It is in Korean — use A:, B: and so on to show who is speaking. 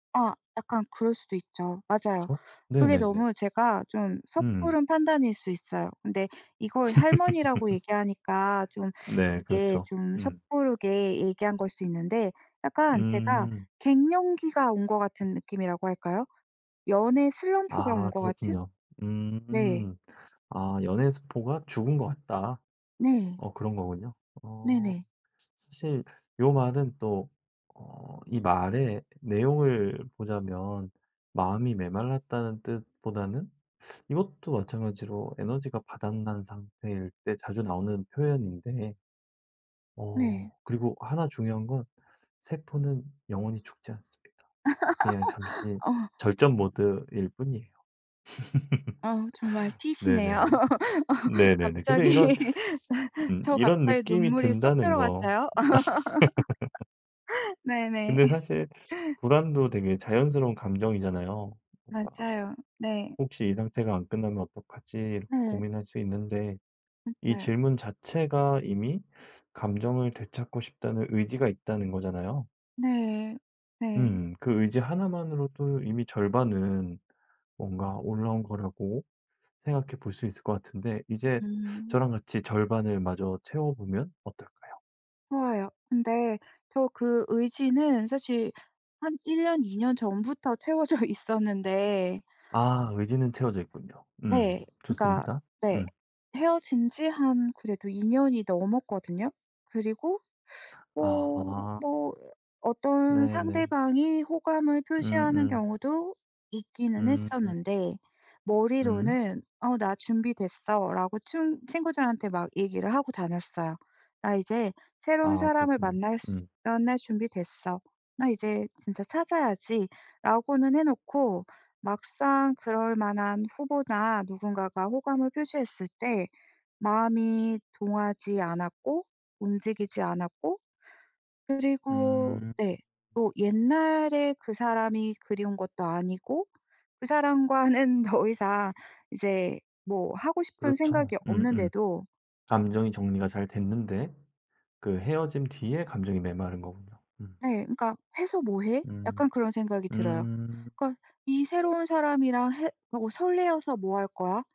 A: 아 약간 그럴 수도 있죠. 맞아요.
B: 그쵸?
A: 그게
B: 네네네.
A: 너무 제가 좀
B: 음.
A: 섣부른 판단일 수 있어요. 근데 이걸 할머니라고 얘기하니까 좀
B: 네.
A: 이게
B: 그렇죠.
A: 좀
B: 음.
A: 섣부르게 얘기한 걸 수 있는데 약간 제가
B: 음.
A: 갱년기가 온 것 같은 느낌이라고 할까요? 연애 슬럼프가 온
B: 아
A: 것 같은?
B: 그렇군요.
A: 네.
B: 음. 아 연애세포가 죽은 것 같다
A: 네.
B: 어 그런 거군요. 어
A: 네네.
B: 사실 요 말은 또 어 이 말의 내용을 보자면 마음이 메말랐다는 뜻보다는 이것도 마찬가지로 에너지가 바닥난 상태일 때 자주 나오는 표현인데
A: 네.
B: 어 그리고 하나 중요한 건 세포는 영원히 죽지 않습니다. 그냥 잠시
A: 어.
B: 절전 모드일 뿐이에요.
A: 어 정말 T시네요.
B: 네네네. 네네네. 근데 이런
A: 갑자기
B: 음
A: 저
B: 이런
A: 갑자기
B: 느낌이
A: 눈물이 쏙
B: 든다는 거
A: 들어갔어요. 네네.
B: 근데 사실 불안도 되게 자연스러운 감정이잖아요. 뭔가
A: 맞아요. 네.
B: 혹시 이 상태가 안 끝나면 어떡하지 이렇게
A: 네.
B: 고민할 수 있는데 이
A: 맞아요.
B: 질문 자체가 이미 감정을 되찾고 싶다는 의지가 있다는 거잖아요.
A: 네. 네.
B: 음. 그 의지 하나만으로도 이미 절반은 뭔가 올라온 거라고 생각해 볼 수 있을 것 같은데 이제
A: 음.
B: 저랑 같이 절반을 마저 채워보면 어떨까요?
A: 좋아요. 근데 저 그 의지는 사실 한 1 년, 2 년 전부터 채워져 있었는데
B: 아 의지는 채워져 있군요. 음.
A: 네. 그러니까
B: 좋습니다.
A: 네
B: 음.
A: 헤어진 지 한 그래도 2 년이 넘었거든요. 그리고 뭐
B: 아하.
A: 뭐 어떤
B: 네네.
A: 상대방이 호감을 표시하는
B: 음음.
A: 경우도 있기는
B: 음.
A: 했었는데
B: 음.
A: 머리로는 "어 나 준비됐어."라고 친 친구들한테 막 얘기를 하고 다녔어요. "나 이제 새로운
B: 아
A: 사람을
B: 그렇군요.
A: 만날
B: 음.
A: 만날 준비됐어. 나 이제 진짜 찾아야지."라고는 해 놓고 막상 그럴 만한 후보나 누군가가 호감을 표시했을 때 마음이 동하지 않았고, 움직이지 않았고 그리고
B: 음.
A: 네 또 옛날에 그 사람이 그리운 것도 아니고 그 사람과는 더 이상 이제 뭐 하고 싶은
B: 그렇죠.
A: 생각이
B: 음음.
A: 없는데도
B: 감정이 정리가 잘 됐는데 그 헤어짐 뒤에 감정이 메마른 거군요. 음.
A: 네. 그러니까 "해서 뭐 해?"
B: 음.
A: 약간 그런 생각이 들어요.
B: 음.
A: 그러니까 이 새로운 사람이랑 해 "뭐 설레서 뭐 할 거야?"